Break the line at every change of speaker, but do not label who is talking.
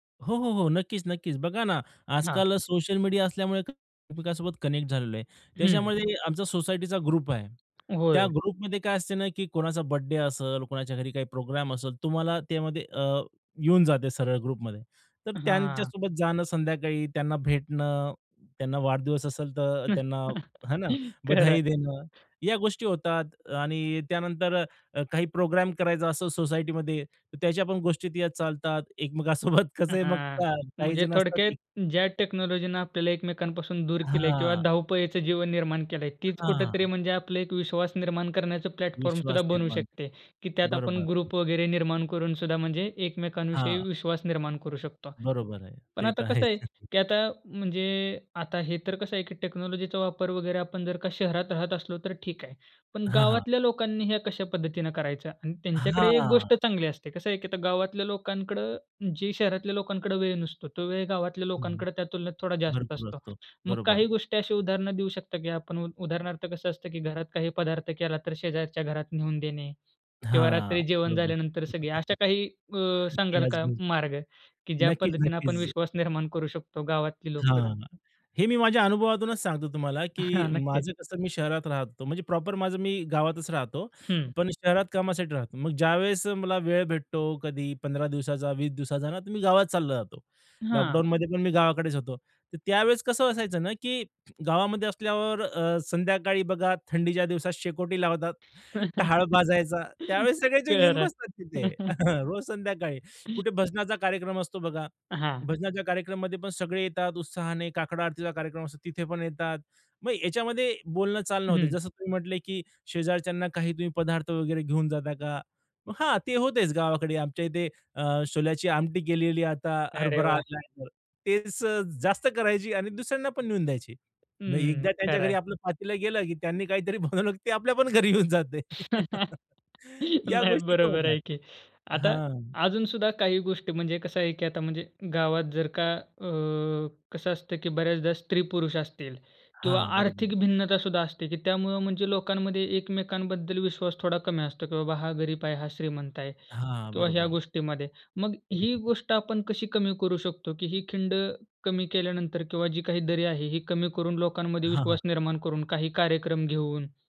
हो, हो, हो. नक्कीच, नक्कीच. बघा ना
हां.
आजकाल सोशल मीडिया असल्यामुळे एकमेकांसोबत कनेक्ट झालेलो आहे.
हं.
त्याच्यामध्ये आमचा सोसायटीचा ग्रुप आहे. त्या
होय.
ग्रुपमध्ये काय असते ना, की कोणाचा बर्थडे असेल, कोणाच्या घरी काही प्रोग्राम असेल, तुम्हाला त्यामध्ये, अ येऊन जाते सरळ ग्रुपमध्ये. तर
हां.
त्यांच्यासोबत जाणं संध्याकाळी, त्यांना भेटणं, त्यांना वाढदिवस असेल, तर त्यांना हे ना,
खरं आहे.
बधाई देणं, या गोष्टी होतात. आणि त्यानंतर काही प्रोग्राम करायचा असो सोसायटीमध्ये, तर त्याच्या पण गोष्टी त्यात चालतात एकमेकांसोबत कसं आहे मग
हां.
का काही
म्हणजे
जण असतात
थोडक्यात
जी
ज्या टेक्नॉलॉजीनं आपल्याला एकमेकांपासून दूर केलं आहे किंवा
हां.
धावपळीच जीवन निर्माण केलं आहे, तीच कुठेतरी
हां.
म्हणजे आपलं एक विश्वास निर्माण करण्याचं प्लॅटफॉर्मसुद्धा
विश्वास
बनू
निर्माण
शकते, की
करणे,
त्यात
बरोबर
आपण
हं.
ग्रुप वगैरे निर्माण करून सुद्धा म्हणजे एकमेकांविषयी
हां.
विश्वास निर्माण करू शकतो.
बरोबर आहे.
पण
ते
आता
तर
कसं
आहेच.
आहे, की आता म्हणजे आता हे तर कसं आहे, की टेक्नॉलॉजीचा वापर वगैरे आपण जर का शहरात राहत असलो तर ठीक आहे. पण
हां, हां.
गावातल्या लोकांनी हे कशा पद्धतीने करायचं. आणि त्यांच्याकडे 1
हां.
गोष्ट चांगली असते. कसं आहे, की आता गावातल्या लोकांकडं, जे शहरातल्या लोकांकडे वेळ नसतो, तो वेळ गावातल्या
हं, हं.
लोकांकडे त्या तुलनेत थोडा जास्त
भरपूर
असतो.
असतो.
मग काही
बरोबर.
गोष्टी अशी उदाहरण देऊ शकता, की आपण उदाहरणार्थ कसं असतं, की घरात काही पदार्थ केला, तर शेजारच्या घरात नेवून देणे. किंवा
हां.
रात्री जेवण
बरोबर.
झाल्यानंतर सगळे अशा काही अ, सांगाल का
[unintelligible]
मार्ग? की ज्या
नक्कीच,
पद्धतीने आपण
नक्कीच.
विश्वास निर्माण करू शकतो गावातली लोकसुद्धा?
हां. हे मी माझ्या अनुभवातूनच सांगतो तुम्हाला, की
हां. नक्कीच.
माझं कसं मी शहरात राहत होतो. म्हणजे प्रॉपर माझं मी गावातच राहतो.
हं.
पण शहरात कामासाठी राहतो. मग ज्यावेळेस मला वेळ भेटतो कधी 15 दिवसाचा, 20 दिवसाचा ना, तर मी गावात चालला जातो.
हां.
लॉकडाउनमध्ये पण मी गावाकडेच होतो. तर त्यावेळेस कसं असायचं ना, की गावामध्ये असल्यावर अ, संध्याकाळी बघा थंडीच्या दिवसात शेकोटी लावतात, टहाळ भाजायचा. त्यावेळेस सगळेजण येऊन
खरं आहे.
बसतात तिथे, रोज संध्याकाळी. कुठे भजनाचा कार्यक्रम असतो, बघा.
अ, हां.
भजनाच्या कार्यक्रममध्ये पण सगळे येतात उत्साहाने, काकड आरतीचा कार्यक्रम असतो तिथे पण येतात. मग याच्यामध्ये बोलणं, चालणं होत.
हं.
जसं तुम्ही म्हटले, की "शेजारच्यांना काही तुम्ही पदार्थ वगैरे घेऊन जाता का?" मग हां, ते होतेच गावाकडे आमच्या इथे अ, छोल्याची आमटी केलेली आहे. आता
अरे
हरभरा
वाह!
आलाय तर. तेच अ, जास्त करायची आणि दुसऱ्यांना पण नेऊन द्यायची. मग
हम्म,
एकदा त्यांच्या
खरं
घरी
आहे.
आपलं पातील गेलं, की त्यांनी काहीतरी बनवलं, की ते आपल्या पण घरी येऊन जाते. या
नाही,
गोष्टी पण
बरोबर
होतात.
आहे की. आता
हां.
अजून सुद्धा काही गोष्टी म्हणजे कसं आहे, की आता म्हणजे गावात जर का अ कसं असतं, की बऱ्याचदा स्त्री-पुरुष असतील किंवा
हां. बरोबर.
आर्थिक भिन्नतासुद्धा असते, की त्यामुळं म्हणजे लोकांमध्ये एकमेकांबद्दल विश्वास थोडा कमी असतो, की "बाबा, हा गरीब आहे, हा श्रीमंत आहे."
हां.
किंवा ह्या
बरोबर.
गोष्टीमध्ये. मग ही गोष्ट आपण कशी कमी करू शकतो? की ही खिंड कमी केल्यानंतर किंवा जी काही दरी आहे, ही कमी करून लोकांमध्ये
हां,
विश्वास
हां.
निर्माण करून काही कार्यक्रम घेऊन